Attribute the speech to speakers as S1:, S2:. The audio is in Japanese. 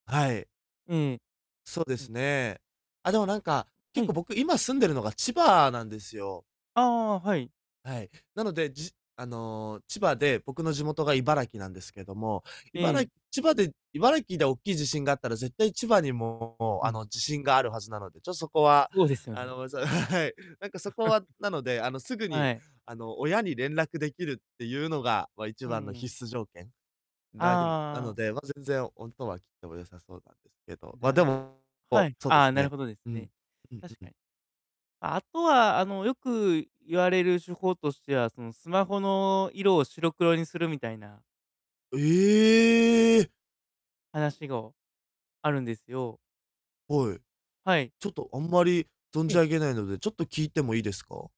S1: はい。
S2: うん。
S1: そうで
S2: うん。
S1: すね。あ、でも、なんか、
S2: は
S1: 結
S2: い。
S1: 構、僕、今、住んでるのが千葉なんですよ。
S2: ああああ、はい。
S1: はい。なので、じあの、千葉で、僕の地元が茨城なんですけども、い
S2: う
S1: ばら
S2: ん。
S1: 千葉で茨城でおっきい地震があったら、絶対千葉にも、
S2: う
S1: あ
S2: ん。
S1: の、地震があるはずなので、ちょっ、そこは、
S2: そうですよ
S1: あ
S2: ね。
S1: のそう、はい。なんかそこ はなので、あの、すぐ
S2: は
S1: に、
S2: い。
S1: あの、親に連絡できるってゆうのが、ま、一
S2: うん
S1: 番の
S2: うん。
S1: 必須条件、
S2: ああ、
S1: な、ぎぬな
S2: ああ
S1: の
S2: あ。
S1: で、ま、全然、おんとは切っても良さそうなんですけど。ま、で
S2: な
S1: も、
S2: は
S1: こう、
S2: い。
S1: そうで
S2: あ
S1: す
S2: あ、なる
S1: ね。
S2: ほどです
S1: うん、
S2: ね。
S1: うん
S2: 確
S1: う
S2: か
S1: ん。
S2: に。あとは、あの、よく言われる手法としては、その、スマホの色を白黒にするみたいな
S1: ええ！
S2: 話ご、あるんですよ。
S1: はい。
S2: はい。
S1: ちょっと、あんまり存
S2: え
S1: じ
S2: え。
S1: 上げないので、ちょっと聞いてもいいですか？